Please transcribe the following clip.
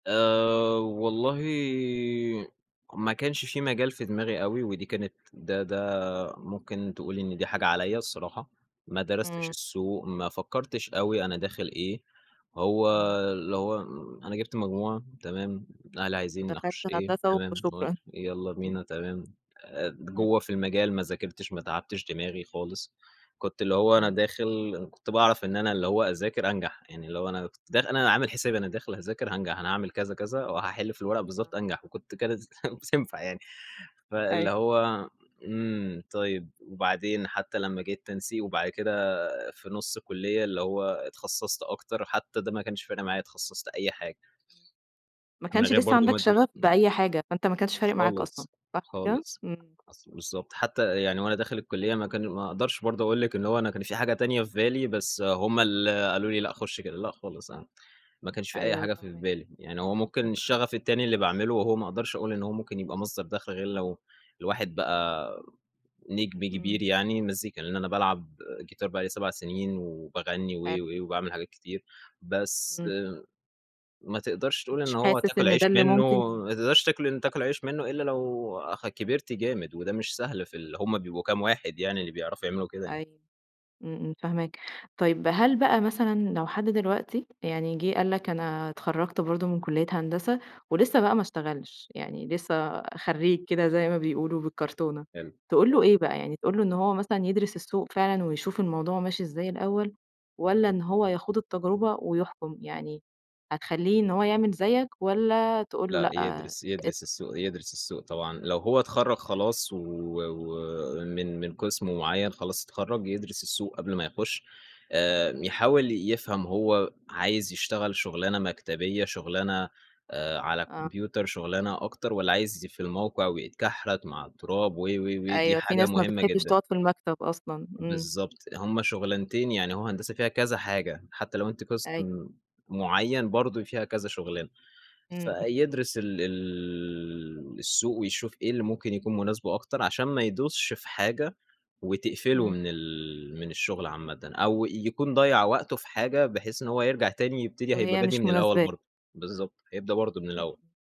آآ، والله ما كانش في مجال في دماغي أوي، ودي كانت ده ده ممكن تقولي إن دي حاجة عليَّ الصراحة، ما درستش إمم. السوق، ما فكّرتش أوي أنا داخل إيه، هو إمم. اللي هو إمم أنا جِبت مجموع تمام، أهلي عايزين ودخَلْت أخش إيه هندسة تمام، وشكرًا. معرفش يالّا إمم. بينا تمام، آآ د جوّه إمم. في المجال ما ذاكرتش، ما تعبتش دماغي خالص، كنت اللي هو أنا إمم. داخل إن كنت باعرف إن أنا اللي هو أذاكر أنجح، يعني اللي هو أنا كنت داخ أنا عامل حسابي أنا داخل هاذاكر هانجح، أنا هاعمل كذا، كذا، وهاحل في الورقة آه. بالضبط، أنجح وكنت كانت بتنفع يعني. فاللي أيوه. هو إمم، طيّب وبعدين، حتّى لمّا جه التنسيق وبعد كده في نُص الكُلّية اللي هو اتخصّصت أكتر، حتّى ده ما كانش فارق معايا، اتخصّصت أي حاجة. [unintelligible] ما من كانش غير لسّه برضه ما عَندك أدرس شغف إمم. بأي حاجة، فأنت ما كانش فارق معاك أصلًا، خالص، صح كده؟ خالص، إمم. أصل بالضبط، حتّى يعني وأنا داخل الكُلّية ما كان ما أقدرش برضه أقول لِك إن هو أنا كان في حاجة تانية في بالي، بس هُم اللي قالوا لي لأ، خُش كده، لأ خلاص أنا ما كانش في أي أيوه حاجة في فاهماك. بالي، يعني هو ممكن إمم إمم. الشغف التاني اللي باعمله وهو ما أقدرش أقول إن هو ممكن يبقى مصدَر دخل غير لو الواحد بقى نجم إمم. كبير يعني، المزيكا لإن أنا بالعب جيتار بقى لي 7 سنين، وباغنّي و حلو. و وباعمل حاجات كتير بس، إمم. ما تقدَرش تقول إن مش هو حاسس هتاكل إن عيش ده اللي منّه، ممكن ما تقدرش تاكل ان أ تاكل عيش منّه إلّا لو اخ كبِرت جامد، وده مش سهل في ال هُم بيبقوا كام واحد يعني اللي بيعرفوا يعملوا كده يعني. أيوه، إمم، إمم، فاهماك. طيّب هل بقى مثلًا لو حد دلوقتي، يعني جه قال لك أنا اتخرّجت برضه من كلّية هندسة ولسّه بقى ما اشتغلش، يعني لسّه خرّيج كده زي ما بيقولوا بالكرتونة، حلو، تقول له حلو. إيه بقى؟ يعني تقول له إن هو مثلًا يدرِس السوق فعلًا ويشوف الموضوع ماشي إزاي الأول، والّا إن هو يخوض التجربة ويحكُم؟ يعني هتخلّيه إن هو يعمل زيّك، والّا تقول له لأ، لأ، يدرِس أ يدرِس السوق يدرِس السوق طبعًا، لو هو اتخرّج خلاص و ومن من قِسم معيّن خلاص اتخرّج، يدرِس السوق قبل ما امم. يخُش آآ يحاول يفهَم هو عايز يشتغل شغلانة مكتبية شغلانة، آآ، على آه. كمبيوتر شغلانة أكتر، والّا عايز ي في الموقع ويتكحرت مع التراب و و ودي أيوه، في حاجة ناس ما مهمة بتحبش جدًا. تقعُد في المكتب أصلًا، إمم. بالضبط، هُم شغلانتين يعني هو هندسة فيها كذا حاجة، حتّى لو أنتِ قِسم أيوه. معيّن برضه فيها كذا شغلانة، إمم، إمم. فيدرِس ال ال السوق ويشوف إيه اللي ممكن يكون مناسبه أكتر، عشان ما يدوسش في حاجة وتقفله إمم. من ال من الشغل عامةً أو يكون ضيّع وقته في حاجة بحيث إن هو يرجع تاني يبتدي هيبقى وهي بادئ مش من الأول مناسباه. برضه، بالضبط، هيبدأ برضه من إمم، الأول. إمم.